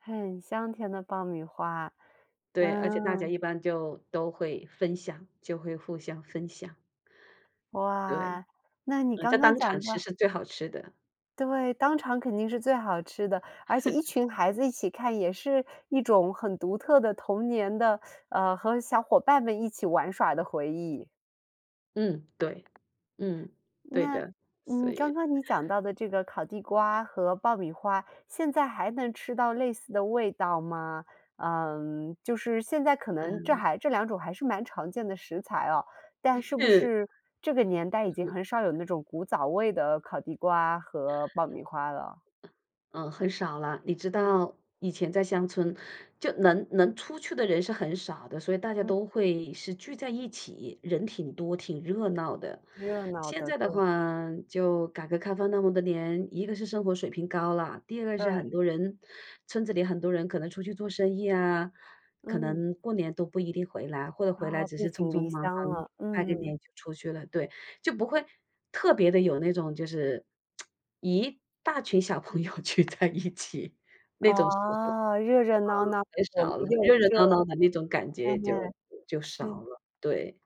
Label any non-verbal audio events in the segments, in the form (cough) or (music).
很香甜的爆米花，对，而且大家嗯。一般就都会分享，就会互相分享。对，哇，那你嗯，在刚刚当场讲吃到是最好吃的。对，当场肯定是最好吃的。而且一 (laughs) 群孩子一起看，也是一种很独特的童年的，嗯，和小伙伴们一起玩耍的回忆。嗯，对。嗯，对那，的，所嗯，刚以刚你讲到的这个烤地瓜和爆米花，现在还能吃到类似的味道吗？嗯，就是现在可能这嗯。还这两种还是蛮常见的食材哦，但嗯是不哼。是这个年代已嗯经哼很少有那种古早味的烤地瓜和爆米花了？嗯，很少了。你知嗯。道以前在乡村，就能能出去的人是很少的，所以大家嗯。都会是聚在一起，人挺多、挺热闹的。热闹现的。在的对。话，就改革开放那么多年，一个是生活水平高了，第二个是很对。多人村子里很多人可能出去做生意啊，可嗯。能过年都不一定回来。或者回来啊，只背是匆井匆离忙乡忙了，拜个嗯。年就出去了，对。就不会特别地有那种就是，(tsk) 一大群小朋友聚在一起那种时候，嗯，嗯，热热闹闹很的，少了。一定很热热热闹。闹闹的那种感哎觉就呀，就少是。了，对。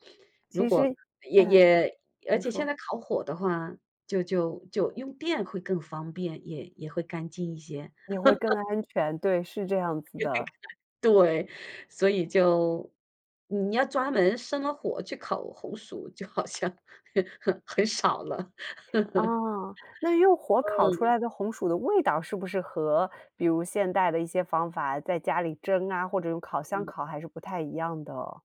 如其果实也嗯，也而你且现说。在烤火的话，就就就用电会更方便，也也会干净一些。也会更 (laughs) 安全，对，是这样子的。对，所以就你要专门生了火去烤红薯，就好像很很很少了。(laughs) 嗯。那用火烤出嗯。来的红薯的味道是不是和比如现代的一些方法在家里蒸啊，或者用烤箱嗯。烤还是不太一样的？